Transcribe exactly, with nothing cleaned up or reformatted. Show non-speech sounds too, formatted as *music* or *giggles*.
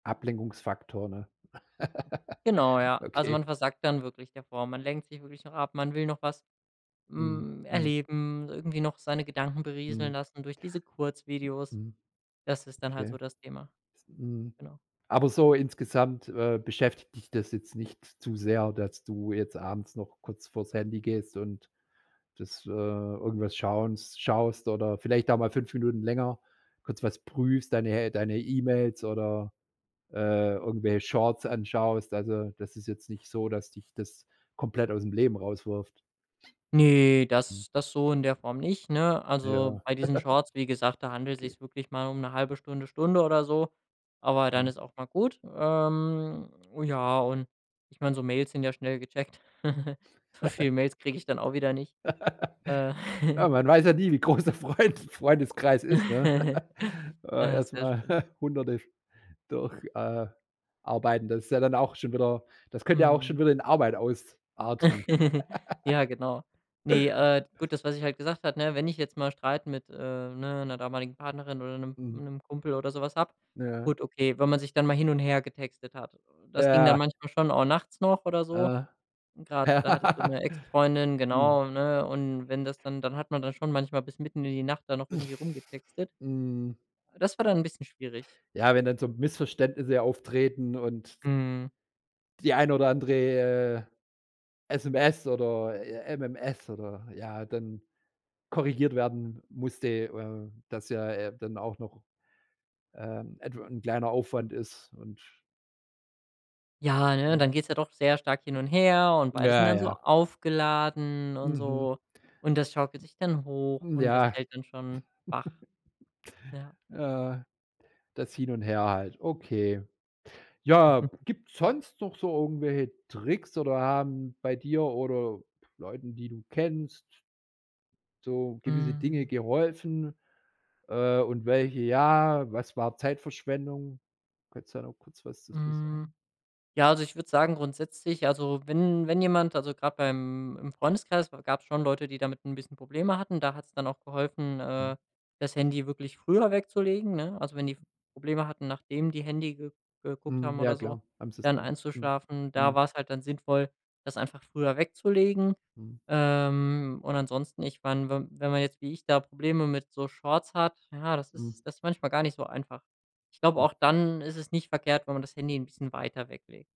Ablenkungsfaktor, ne? Genau, *giggles* ja. Also, Okay. man versackt dann wirklich davor. Man lenkt sich wirklich noch ab, man will noch was, Mhm. hm, Mhm. erleben, irgendwie noch seine Gedanken Mhm. berieseln lassen durch diese Kurzvideos. Mhm. Das ist dann halt so Okay. das Thema. Is 'n Mhm. Genau. Aber so insgesamt, äh, beschäftigt dich das jetzt nicht zu sehr, dass du jetzt abends noch kurz vor das Handy gehst und das, äh irgendwas schauns schaust oder vielleicht auch mal fünf Minuten länger kurz was prüfst, deine deine E-Mails oder, äh, irgendwelche Shorts anschaust. Also, das ist jetzt nicht so, dass dich das komplett aus dem Leben rauswirft? Ne, Mhm. das das so in der Form nicht, ne? Also, Ja. bei diesen *giggles* Shorts, wie gesagt, da handelt es Okay. sich wirklich mal um 'ne halbe Stunde, Stunde oder so, aber dann Mhm. ist auch mal gut. Ähm, ja, und ich meine, so Mails sind ja schnell gecheckt. *giggles* So *giggles* viele Mails kriege ich dann auch wieder nicht. Äh. *laughs* Ja, *giggles* man weiß ja nie, wie groß der Freunde Freundeskreis ist, ne? *giggles* *giggles* Äh, Äh, erst sehr mal schön. *chuckles* Hunderte durch, äh, arbeiten. Das ist ja dann auch schon wieder das könnte ja auch Mhm. schon wieder in Arbeit ausarten. *giggles* *giggles* Ja, genau. Ne, äh, gut, das was ich halt gesagt hatte, wenn ich jetzt mal Streit mit, äh, ne, 'ner damaligen Partnerin oder Mhm. 'nem Kumpel oder so was habe Ja. gut, okay, wenn man sich dann mal hin und her getextet hat. Das ging dann Ja. manchmal schon auch nachts noch oder so. Äh. Und gerade da hatte ich so Ja. 'ne Ex *laughs* Freundin, Mhm. genau, ne? Und wenn das dann dann hat man dann schon manchmal bis mitten in die Nacht da noch irgendwie *snorts* rumgetextet. Mhm. Das war dann 'n bisschen schwierig. Ja, wenn dann so Missverständnisse auftreten und Mhm. die eine oder andere, äh, SMS oder, j MMS oder ja, dann korrigiert werden musste, äh, dass ja, äh, dann auch noch, ähm, etw 'n kleiner Aufwand ist und Ja, ne? Mhm. Dann geht's ja doch sehr stark hin und her, und beide sind Ja, dann so ja. aufgeladen und Mhm. so. Und das schaukelt sich dann hoch, Hm. und das Ja. hält dann schon wach. *chuckles* Ja. Ja, das Hin und Her halt. Okay. Ja, *chuckles* gibt's sonst noch so irgendwelche Tricks, oder haben bei dir oder Leuten, die du kennst so gewisse Dinge Mhm. geholfen? Äh, und welche ja? Was war Zeitverschwendung? Kannst du da noch kurz was zu zu Hm. sagen? Ja, also ich würde sagen grundsätzlich, also wenn wenn jemand also gerade beim im Freundeskreis gab es schon Leute, die damit 'n bisschen Probleme hatten, da hat es dann auch geholfen, Mhm. äh, das Handy wirklich früher wegzulegen, ne? Also, wenn die f Probleme hatten, nachdem die Handy ge geguckt Mhm. haben Ja, oder so, klar. Haben sie es dann dann einzuschlafen, da Mhm. war es halt dann sinnvoll, das einfach früher wegzulegen. Mhm. Ähm, und ansonsten ich meine, wenn wenn man jetzt wie ich da Probleme mit so Shorts hat, ja, das Mhm. ist das ist manchmal gar nicht so einfach. Ich glaube, Mhm. auch dann ist es nicht verkehrt, wenn man das Handy 'n bisschen weiter weglegt.